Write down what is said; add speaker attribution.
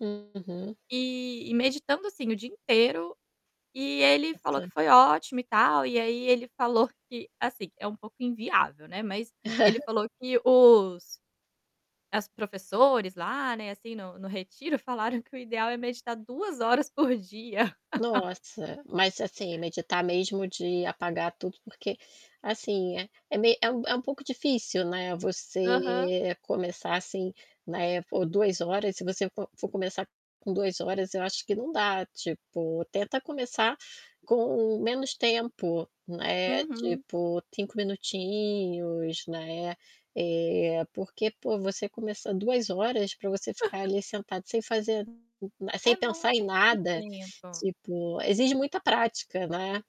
Speaker 1: Uhum.
Speaker 2: E e meditando assim o dia inteiro e ele falou que foi ótimo e
Speaker 1: [unintelligible]
Speaker 2: tal, e aí ele falou que, assim, é um pouco inviável, né, mas ele falou que os as professores lá, né, assim, no no retiro falaram que o ideal é meditar 2 horas por dia.
Speaker 1: Nossa, mas, assim, meditar mesmo de apagar tudo, porque assim, é me é um é um pouco difícil, né,
Speaker 2: Aham.
Speaker 1: você começar assim, né, por 2 horas. Se você fo for começar com 2 horas, eu acho que não dá, tipo, tenta começar com menos tempo, né.
Speaker 2: Uhum.
Speaker 1: Tipo 5 minutinhos, né? Eh, porque, pô, você começar 2 horas para você ficar ali sentado sem fazer sem
Speaker 2: É
Speaker 1: pensar em
Speaker 2: muito
Speaker 1: nada,
Speaker 2: tempo.
Speaker 1: tipo, exige muita prática, né.